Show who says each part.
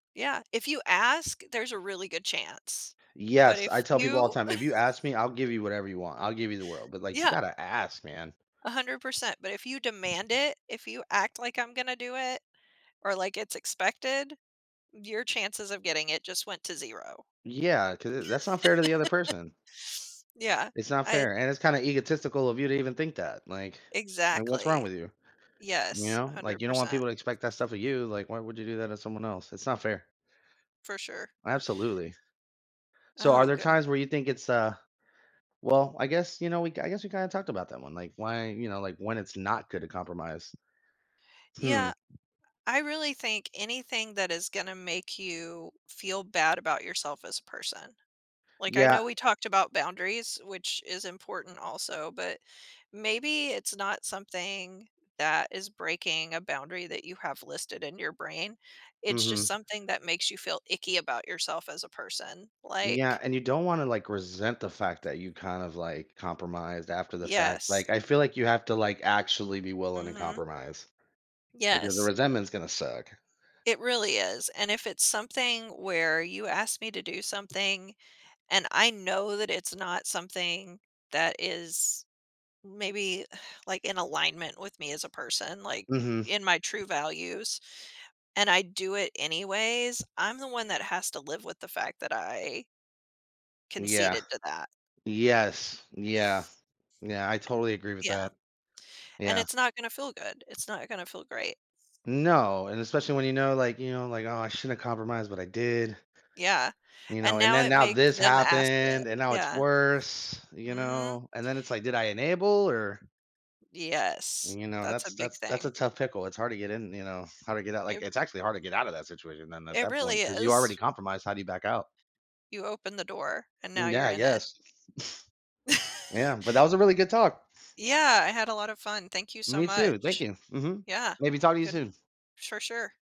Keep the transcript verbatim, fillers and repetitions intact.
Speaker 1: Yeah. If you ask, there's a really good chance. But
Speaker 2: Yes, I
Speaker 1: if
Speaker 2: tell people all the
Speaker 1: you
Speaker 2: time, if you ask me, I'll give you whatever you want, I'll give you the world, but, like, you
Speaker 1: Yeah.
Speaker 2: gotta ask, man.
Speaker 1: A hundred percent. But if you demand it, if you act like I'm gonna do it, or like, it's expected, your chances of getting it just went to zero.
Speaker 2: Yeah, 'cau uh that's unfair to the other person.
Speaker 1: Yeah.
Speaker 2: It's not
Speaker 1: I'd
Speaker 2: fair, and it's kinda egotistical of you to even think that. Like, like, what's wrong
Speaker 1: Exactly.
Speaker 2: with you? You
Speaker 1: Yes. A
Speaker 2: know? Like,
Speaker 1: hundred
Speaker 2: you don't want
Speaker 1: percent.
Speaker 2: people to expect that stuff of you, like, why would you do that to someone else? It's not fair.
Speaker 1: For sure.
Speaker 2: Absolutely. So are
Speaker 1: Oh,
Speaker 2: there times where
Speaker 1: goodness.
Speaker 2: you think it's, uh well, I guess, you know, we I guess we kinda talked about that one, like, why, you know, like, when it's not good to compromise? Hmm.
Speaker 1: Yeah. I really think anything that is gonna make you feel bad about yourself as a person. Like, I
Speaker 2: Yeah.
Speaker 1: know we talked about boundaries, which is important also, but maybe it's not something that is breaking a boundary that you have listed in your brain. It's just
Speaker 2: Mhm.
Speaker 1: something that makes you feel icky about yourself as a person. Like
Speaker 2: Yeah, and you don't wanna, like, resent the fact that you kind of, like, compromised after the fact. Like,
Speaker 1: Yes.
Speaker 2: I feel like you have to, like, actually be willing to
Speaker 1: Mhm.
Speaker 2: compromise. Because the
Speaker 1: Yes.
Speaker 2: resentment's gonna suck.
Speaker 1: It really is. And if it's something where you ask me to do something, and I know that it's not something that is maybe, like, in alignment with me as a person, like,
Speaker 2: Mhm.
Speaker 1: in my true values, and I do it anyways, I'm the one that has to live with the fact that I
Speaker 2: Yeah.
Speaker 1: conceded to that.
Speaker 2: Yes. Yeah. Yeah, I totally agree with
Speaker 1: Yeah.
Speaker 2: that.
Speaker 1: And
Speaker 2: Yeah.
Speaker 1: it's not gonna feel good, it's not gonna feel great.
Speaker 2: No, and especially when you know, like, you know, like, "Oh, I shouldn't have compromised, but I did."
Speaker 1: Yeah.
Speaker 2: You
Speaker 1: And
Speaker 2: know? And
Speaker 1: now
Speaker 2: then
Speaker 1: it
Speaker 2: now
Speaker 1: makes
Speaker 2: this
Speaker 1: them ask it.
Speaker 2: happened, and now it's
Speaker 1: Yeah.
Speaker 2: worse. You
Speaker 1: Mhm.
Speaker 2: know? And then it's like, "Did I enable?" Or
Speaker 1: Yes.
Speaker 2: You know,
Speaker 1: That's a
Speaker 2: that's
Speaker 1: big
Speaker 2: that's that's
Speaker 1: thing.
Speaker 2: a tough pickle. It's hard to get in, you know, hard to get out. Like,
Speaker 1: It
Speaker 2: it's actually hard to get out of that situation then at
Speaker 1: It
Speaker 2: that
Speaker 1: really
Speaker 2: point 'cause you already
Speaker 1: is.
Speaker 2: compromised. How do you back out?
Speaker 1: You opened the door, and now
Speaker 2: Mm,
Speaker 1: you're
Speaker 2: yeah,
Speaker 1: in it.
Speaker 2: yes. Yeah, but that was a really good talk.
Speaker 1: Yeah, I had a lot of fun, thank you so
Speaker 2: Me too, thank
Speaker 1: much.
Speaker 2: you, mhm.
Speaker 1: Yeah.
Speaker 2: Maybe talk to you
Speaker 1: Good.
Speaker 2: soon.
Speaker 1: For sure.